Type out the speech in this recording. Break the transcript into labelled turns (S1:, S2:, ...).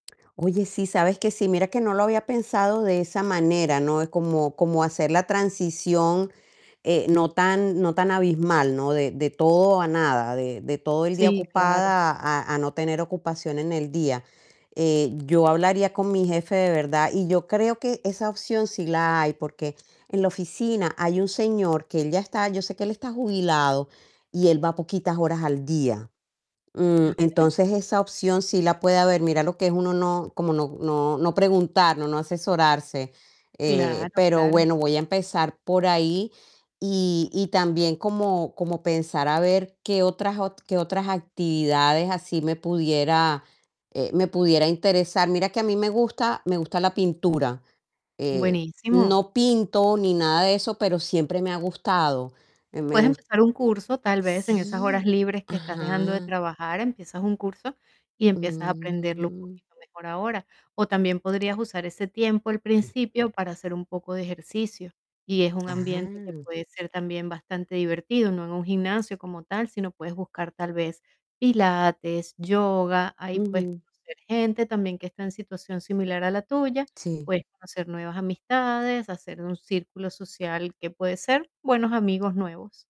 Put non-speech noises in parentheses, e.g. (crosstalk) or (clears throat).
S1: Oye, sí, sabes que sí, mira que no lo había pensado de esa manera, ¿no? Como como hacer la transición, eh, no tan no tan abismal, ¿no? De de todo a nada, de de todo el día
S2: Sí, claro.
S1: ocupada a a no tener ocupación en el día, eh, yo hablaría con mi jefe, de verdad, y yo creo que esa opción sí la hay, porque en la oficina hay un señor que él ya está yo sé que él está jubilado, y él va poquitas horas al día, mm,
S2: Gracias.
S1: entonces esa opción sí la puede haber. Mira lo que es uno no como no no no preguntar, no no asesorarse, eh,
S2: Claro,
S1: pero
S2: claro.
S1: bueno, voy a empezar por ahí, y y también como como pensar a ver, qué otras ot qué otras actividades así me pudiera, eh, me pudiera interesar. Mira que a mí me gusta me gusta la pintura. eh,
S2: Buenísimo.
S1: no pinto ni nada de eso, pero siempre me ha gustado, eh, me
S2: Puedes
S1: gust
S2: empezar un curso, tal vez, en esas horas
S1: Sí,
S2: libres que estás dejando de
S1: ajá.
S2: trabajar, empiezas un curso y empiezas a aprenderlo un
S1: Mm.
S2: poquito mejor ahora. O también podrías usar ese tiempo al principio
S1: (clears throat)
S2: para hacer un poco de ejercicio, y es un ambiente que que
S1: Ajá.
S2: puede ser también bastante divertido, no en un gimnasio como tal, sino puedes buscar tal vez pilates, yoga. Ahí puedes
S1: Ujú.
S2: conocer gente también que está en situación similar a la tuya,
S1: Sí.
S2: puedes conocer nuevas amistades, hacer un círculo social que puede ser, buenos amigos nuevos.